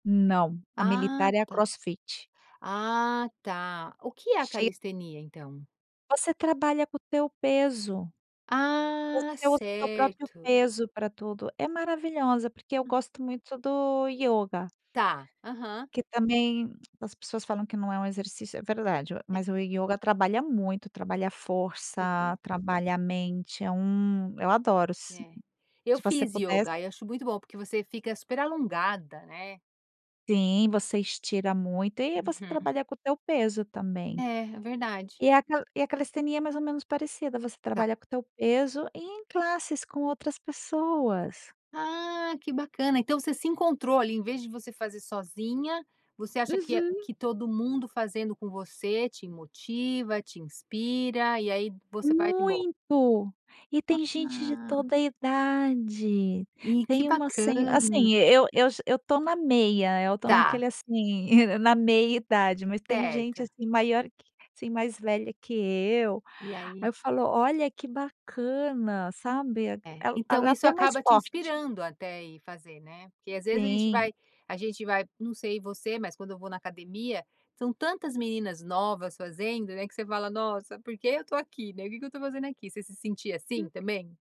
Não, a Ah militar é a tá crossfit. ah tá. O que é a Cheia calistenia então? Você trabalha com o teu peso. Ah Você usa o teu próprio certo. peso pra tudo é maravilhosa porque eu Hum. gosto muito do yoga Tá, aham. que também as pessoas falam que não é um exercício. É verdade, É. mas o yoga trabalha muito, trabalha força, Sim. trabalha a mente. É um eu adoro. Se É, eu você fiz pudesse. yoga aí acho muito bom porque você fica super alongada né? Sim, você estira muito e você Uhum. trabalha com o teu peso também. É, é verdade. E a ca e a calistenia é mais ou menos parecida. Você Tá. trabalha com o teu peso e em classes com outras pessoas. Ah, que bacana. Então você se encontrou ali, em vez de você fazer sozinha, você acha que Uhum. que todo mundo fazendo com você te motiva, te inspira e aí você vai de boa. Muito, e tem gente de Ah. toda a idade. E que Tem uma sen bacana. assim, eu eu já eu tô na meia, tô Tá. naquele assim, na meia-idade mas tem gente Certo. assim maior que assim, mais velha que eu. E Aí aí? eu falo: “Olha que bacana”, sabe? É, Ela então é isso até mais acaba te forte. inspirando até ir fazer, né? Porque às vezes a gente Sim. vai a gente vai não sei você, mas quando eu vou na academia, são tantas meninas novas fazendo, né? Que você fala: “Nossa, por que eu tô aqui, né? O que que eu tô fazendo aqui?”. Você se sente assim Hum. também?